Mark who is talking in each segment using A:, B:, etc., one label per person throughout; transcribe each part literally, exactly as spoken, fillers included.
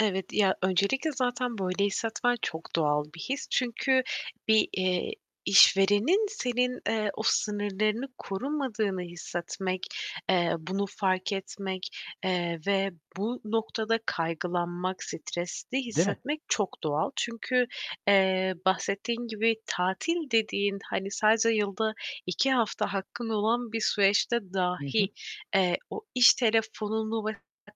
A: Evet ya, öncelikle zaten böyle hissetmen çok doğal bir his. Çünkü bir, eee, işverenin senin, eee, o sınırlarını korumadığını hissetmek, eee, bunu fark etmek, eee, ve bu noktada kaygılanmak, stresli
B: Değil mi?
A: hissetmek çok doğal. Çünkü, eee, bahsettiğin gibi, tatil dediğin hani sadece yılda iki hafta hakkın olan bir süreçte
B: Hı hı.
A: dahi, eee, o iş telefonunu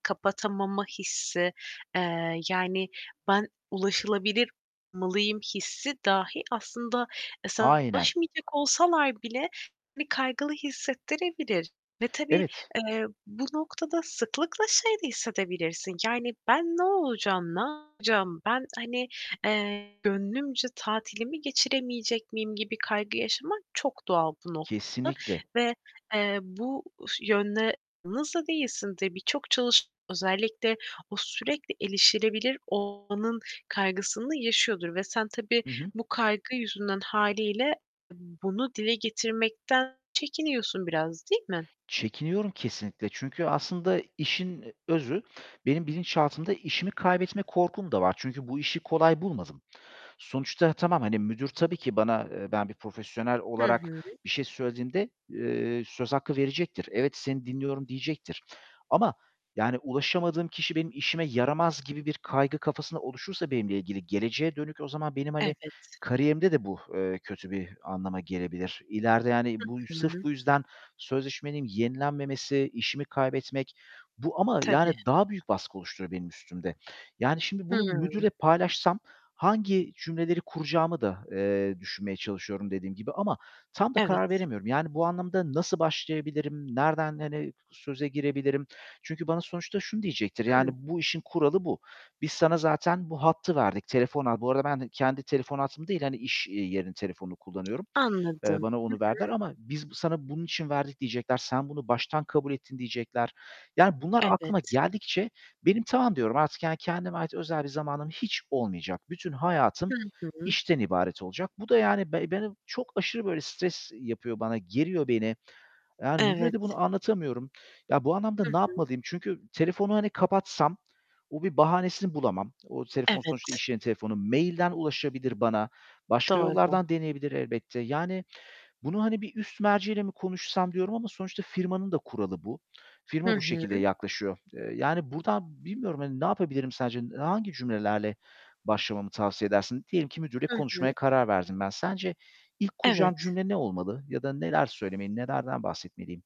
A: kapatamama hissi, eee, yani "Ben ulaşılabilir olmalıyım" hissi dahi aslında, eee, sana
B: Aynen.
A: ulaşmayacak olsalar bile seni kaygılı hissettirebilir ve tabii,
B: Evet.
A: eee, bu noktada sıklıkla şeyi de hissedebilirsin; yani "Ben ne olacağım, ne yapacağım? Ben, hani, eee, gönlümce tatilimi geçiremeyecek miyim?" gibi kaygı yaşamak çok doğal bu noktada
B: Kesinlikle.
A: ve, eee, bu ş yönle [unintelligible] değilsin [unintelligible] çok çalışan, özellikle o sürekli erişilebilir olmanın kaygısını yaşıyordur ve sen tabii
B: Hı hı.
A: bu kaygı yüzünden hâliyle bunu dile getirmekten çekiniyorsun biraz, değil mi?
B: Çekiniyorum kesinlikle. Çünkü aslında işin özü benim bilinçaltımda işimi kaybetme korkum da var. Çünkü bu işi kolay bulmadım. Sonuçta tamam, hani, müdür tabii ki bana, eee, ben bir profesyonel
A: Hı
B: olarak
A: hı.
B: bir şey söylediğimde, eee, söz hakkı verecektir. "Evet, seni dinliyorum." diyecektir. Ama, yani "Ulaşamadığım kişi benim işime yaramaz." gibi bir kaygı kafasında oluşursa benimle ilgili geleceğe dönük, o zaman benim hani
A: Evet.
B: kariyerimde de bu, eee, kötü bir anlama gelebilir. İleride, yani, bu,
A: Hı
B: sırf
A: hı.
B: bu yüzden sözleşmenin yenilenmemesi, işimi kaybetmek. Bu ama
A: Tabii.
B: yani daha büyük baskı oluşturuyor benim üstümde. Yani şimdi bunu
A: Hıı.
B: müdürle paylaşsam hangi cümleleri kuracağımı da, eee, düşünmeye çalışıyorum, dediğim gibi ama tam da karar
A: Evet.
B: veremiyorum. Yani bu anlamda nasıl başlayabilirim? Nereden, hani, söze girebilirim? Çünkü bana sonuçta şunu diyecektir yani
A: Hı.
B: "Bu işin kuralı bu. Biz sana zaten bu hattı verdik. Telefon al" Bu arada ben kendi telefon hattımı değil, hani, iş, eee, yerinin telefonunu kullanıyorum. Eee,
A: Anladım.
B: bana onu
A: Hı
B: verdiler
A: hı.
B: ama "Biz sana bunun için verdik." diyecekler. "Sen bunu baştan kabul ettin." diyecekler. Yani bunlar
A: Evet.
B: aklıma geldikçe benim "Tamam." diyorum. "artık" yani, "kendime ait özel bir zamanım hiç olmayacak. Bütün hayatım
A: Hı hı.
B: işten ibaret olacak." Bu da yani be beni çok aşırı böyle stres yapıyor bana, geriyor beni. Yani müdüre de
A: Evet.
B: bunu anlatamıyorum. Ya, bu anlamda
A: Hı
B: ne
A: hı.
B: yapmalıyım? Çünkü telefonu, hani, kapatsam o bir bahanesini bulamam. O telefon
A: Evet.
B: sonuçta iş yerinin telefonu. Mail'den ulaşabilir bana, başka
A: Doğru.
B: yollardan deneyebilir elbette. Yani bunu hani bir üst merci ile mi konuşsam diyorum ama sonuçta firmanın da kuralı bu.
A: Hı
B: Firma bu
A: hı.
B: şekilde yaklaşıyor. Eee, yani buradan bilmiyorum hani ne yapabilirim sence? Hangi cümlelerle başlamamı tavsiye edersin? Diyelim ki, müdürle
A: Hı hı.
B: konuşmaya karar verdim ben. Sence ilk kuracağım
A: Evet.
B: cümle ne olmalı ya da neler söylemeli, nelerden bahsetmeliyim?